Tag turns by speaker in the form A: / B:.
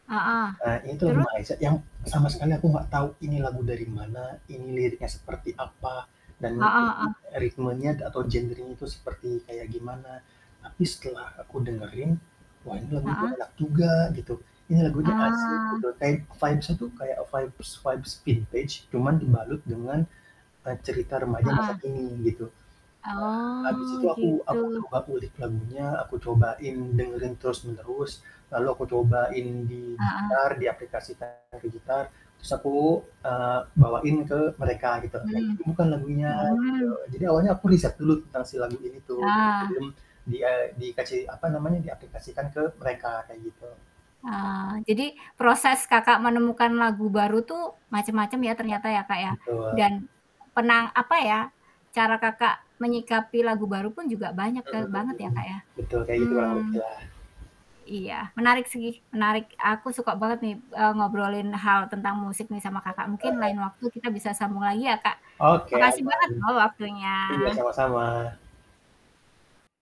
A: Heeh,
B: Eee, ini tuh lagu
A: terus?
B: Malaysia yang sama sekali aku gak tau ini lagu dari mana, ini liriknya seperti apa dan
A: Heeh
B: e i
A: heeh.
B: ritmenya atau genrenya itu seperti kayak gimana, tapi setelah aku dengerin, wah ini lagunya
A: Heeh.
B: enak juga gitu ini lagunya asik
A: Ah.
B: gitu kayak vibes-nya itu kayak vibes vibes vintage cuman dibalut dengan, eee, cerita remaja masa
A: Heeh.
B: kini gitu, nah abis itu
A: Oh
B: aku aku
A: gitu.
B: coba ulik lagunya, aku cobain dengerin terus-menerus, lalu aku cobain di
A: Heeh.
B: gitar diaplikasikan ke gitar terus aku, eee, bawain ke mereka gitu, "Kayak gini
A: Mmm,
B: bukan lagunya?" Gitu,
A: oh.
B: jadi awalnya aku riset dulu tentang si lagu ini tuh,
A: Ah.
B: belum di eee, dikasih apa namanya, diaplikasikan ke mereka, kayak gitu.
A: Ah, jadi proses Kakak menemukan lagu baru tuh macam-macam ya
B: Nah,
A: ternyata ya Kak ya,
B: betul.
A: dan pernah apa ya, cara Kakak menyikapi lagu baru pun juga banyak
B: Mhm
A: ka banget ya
B: mhm,
A: Kak ya.
B: betul kayak gitu kurang lebih
A: Mmm,
B: lah.
A: Iya menarik sih, menarik, aku suka banget nih, eee, ngobrolin hal tentang musik nih sama Kakak,
B: [unintelligible]
A: mungkin
B: Heeh.
A: lain waktu kita bisa sambung lagi ya Kak,
B: Oke
A: makasih
B: aman,
A: banget loh
B: iya
A: waktunya.
B: sama-sama.